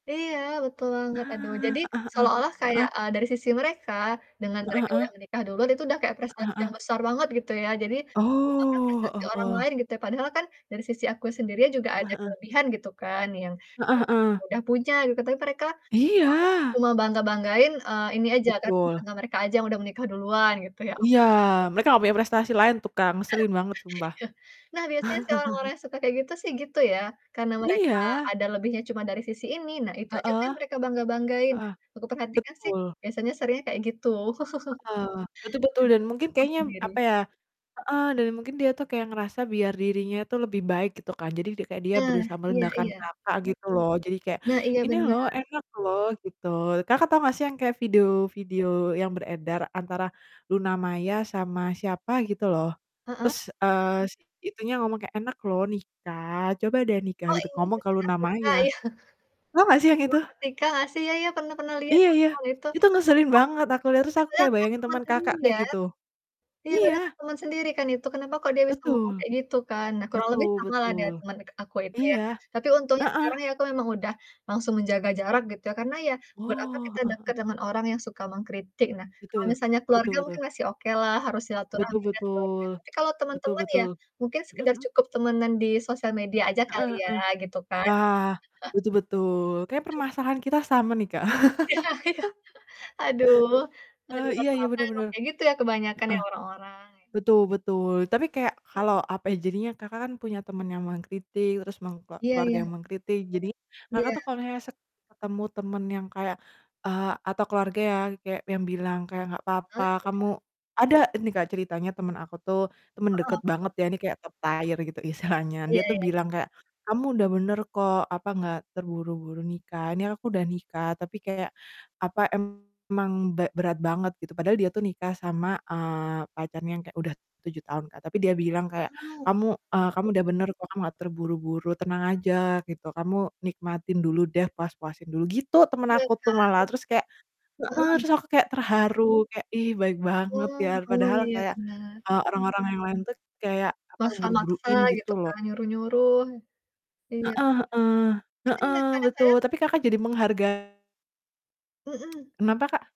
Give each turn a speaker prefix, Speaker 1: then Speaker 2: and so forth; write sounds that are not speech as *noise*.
Speaker 1: Iya, betul banget. Aduh,
Speaker 2: Nah,
Speaker 1: jadi,
Speaker 2: heeh heeh.
Speaker 1: seolah-olah kayak,
Speaker 2: Heeh.
Speaker 1: eee, dari sisi mereka, dengan
Speaker 2: Heeh
Speaker 1: mereka udah
Speaker 2: heeh.
Speaker 1: menikah duluan, itu udah kayak
Speaker 2: Heeh
Speaker 1: prestasi yang
Speaker 2: heeh.
Speaker 1: besar banget gitu ya, jadi lupakan
Speaker 2: Oh,
Speaker 1: prestasi
Speaker 2: heeh
Speaker 1: orang
Speaker 2: heeh.
Speaker 1: lain gitu YA. Padahal kan, dari sisi aku sendiri juga
Speaker 2: Heeh
Speaker 1: ada
Speaker 2: heeh.
Speaker 1: kelebihan gitu kan, yang
Speaker 2: Heeh
Speaker 1: yang
Speaker 2: heeh.
Speaker 1: udah punya gitu, tapi mereka *unintelligible*
Speaker 2: Iya.
Speaker 1: cuma bangga-banggain, eee, ini aja kan,
Speaker 2: Betul.
Speaker 1: karena mereka aja yang udah menikah duluan gitu, ya
Speaker 2: Iya,
Speaker 1: ampun.
Speaker 2: mereka nggak punya prestasi lain, tukang ngeselin banget
Speaker 1: *laughs*
Speaker 2: sumpah.
Speaker 1: Iya. Nah biasanya sih orang-orang
Speaker 2: *chuckles*
Speaker 1: yang suka kayak gitu sih gitu ya, karena mereka
Speaker 2: Iya.
Speaker 1: ada lebihnya cuma dari sisi ini, nah itu aja kan
Speaker 2: Heeh.
Speaker 1: mereka bangga-banggain.
Speaker 2: Heeh.
Speaker 1: Aku perhatikan sih,
Speaker 2: Betul.
Speaker 1: biasanya seringnya kayak gitu.
Speaker 2: Heeh, betul betul.
Speaker 1: *chuckles*
Speaker 2: Dan mungkin
Speaker 1: *unintelligible*
Speaker 2: kayaknya,
Speaker 1: sendiri.
Speaker 2: apa ya heeh, dan mungkin dia tuh kayak ngerasa biar dirinya tuh lebih baik gitu kan, jadi di kayak dia
Speaker 1: Nah,
Speaker 2: berusaha
Speaker 1: iya
Speaker 2: merendahkan
Speaker 1: iya.
Speaker 2: Kakak, gitu loh. Jadi kayak,
Speaker 1: Nah iya
Speaker 2: "Ini loh,
Speaker 1: benar.
Speaker 2: enak loh," gitu. Kakak tau nggak sih yang kayak video-video yang beredar antara Luna Maya sama siapa gitu loh,
Speaker 1: Heeh?
Speaker 2: terus, eee, si itunya ngomong kayak, "Enak loh nikah, coba deh nikah,"
Speaker 1: Oh
Speaker 2: gitu,
Speaker 1: ini,
Speaker 2: ngomong
Speaker 1: *unintelligible* ya?
Speaker 2: ke Luna Maya. Tau nggak sih yang itu?
Speaker 1: *unintelligible* Ya ya, pernah pernah lihat
Speaker 2: Iya
Speaker 1: aku
Speaker 2: iya,
Speaker 1: kalau itu.
Speaker 2: itu ngeselin banget, aku liat, terus aku kayak
Speaker 1: *unintelligible* Kan
Speaker 2: bayangin
Speaker 1: teman
Speaker 2: teman Kakak
Speaker 1: sendiri
Speaker 2: kayak
Speaker 1: ya.
Speaker 2: gitu,
Speaker 1: Iya padahal kan
Speaker 2: iya.
Speaker 1: teman sendiri kan itu, kenapa kok dia ngomong
Speaker 2: Betul.
Speaker 1: kayak gitu kan. Nah, kurang lebih
Speaker 2: Betul
Speaker 1: sama lah niat
Speaker 2: betul,
Speaker 1: teman dekat aku itu ya.
Speaker 2: iya.
Speaker 1: Tapi untungnya ya sekarang
Speaker 2: Heeh.
Speaker 1: aku memang udah langsung menjaga jarak gitu ya, karena ya, buat
Speaker 2: Oh,
Speaker 1: kita
Speaker 2: heeh heeh.
Speaker 1: deket dengan orang yang suka mengkritik. Nah, kalau
Speaker 2: Betul.
Speaker 1: misalnya
Speaker 2: Betul
Speaker 1: keluarga
Speaker 2: betul.
Speaker 1: mungkin masih oke lah, harus
Speaker 2: Betul
Speaker 1: silahturahmi ke keluarga.
Speaker 2: betul.
Speaker 1: Tapi kalau
Speaker 2: Betul
Speaker 1: teman-teman ya,
Speaker 2: betul.
Speaker 1: mungkin
Speaker 2: Mhm
Speaker 1: sekedar
Speaker 2: mhm.
Speaker 1: cukup temenan di sosial media aja
Speaker 2: Heeh
Speaker 1: kali
Speaker 2: heeh.
Speaker 1: ya, gitu kan.
Speaker 2: Wah,
Speaker 1: *chuckles*
Speaker 2: betul betul. Kayaknya permasalahan kita sama nih Kak.
Speaker 1: Iya iya. *chuckles* Aduh,
Speaker 2: *chuckles*
Speaker 1: lagi
Speaker 2: Eh, iya
Speaker 1: pertama
Speaker 2: iya, benar benar,
Speaker 1: kayak gitu ya kebanyakan ya
Speaker 2: heeh.
Speaker 1: orang-orang, ya.
Speaker 2: Betul betul, tapi kayak
Speaker 1: Mmm.
Speaker 2: kalau apa ya jadinya, Kakak kan punya teman yang mengkritik, terus meng
Speaker 1: Iya
Speaker 2: keluarga
Speaker 1: iya.
Speaker 2: yang mengkritik, jadi Kakak
Speaker 1: Iya.
Speaker 2: tuh kalau se ketemu teman yang kayak, eee, atau keluarga yang kayak, yang bilang, kayak, "Nggak
Speaker 1: Ah,
Speaker 2: apa-apa
Speaker 1: iya?
Speaker 2: kamu" ada nih Kak, ceritanya teman aku tuh, teman
Speaker 1: Heeh,
Speaker 2: deket
Speaker 1: betul.
Speaker 2: banget ya ini kayak top tier gitu istilahnya.
Speaker 1: Iya,
Speaker 2: Dia
Speaker 1: ya
Speaker 2: tuh
Speaker 1: ya.
Speaker 2: bilang kayak, "Kamu udah benar kok, apa, nggak terburu-buru nikah. Ini aku udah nikah, tapi kayak, apa, emang berat banget," gitu. Padahal dia tuh nikah sama, eee, pacarnya yang kayak udah 7 tahun Kak, tapi dia bilang kayak,
Speaker 1: Eh, heeh.
Speaker 2: "Kamu, e kamu udah benar kok, kamu nggak terburu-buru, tenang aja," gitu. "Kamu nikmatin dulu deh, puas-puasin dulu," gitu, teman
Speaker 1: Iya
Speaker 2: aku tuh malah. Terus kayak
Speaker 1: kan?
Speaker 2: heeh,
Speaker 1: Heeh.
Speaker 2: terus aku kayak terharu, kayak "Ih baik
Speaker 1: Oh
Speaker 2: banget ya,"
Speaker 1: heeh. Oh
Speaker 2: padahal
Speaker 1: iya,
Speaker 2: kayak,
Speaker 1: benar.
Speaker 2: eee, orang-orang yang lain tuh kayak, apa,
Speaker 1: Maksa-maksa
Speaker 2: buru-buruin
Speaker 1: gitu
Speaker 2: gitu loh.
Speaker 1: kan, nyuruh-nyuruh. Iya,
Speaker 2: Heeh heeh,
Speaker 1: nanti ya
Speaker 2: heeh betul.
Speaker 1: kadang-kadang
Speaker 2: Tapi Kakak jadi mengharga
Speaker 1: Mhm.
Speaker 2: Kenapa Kak?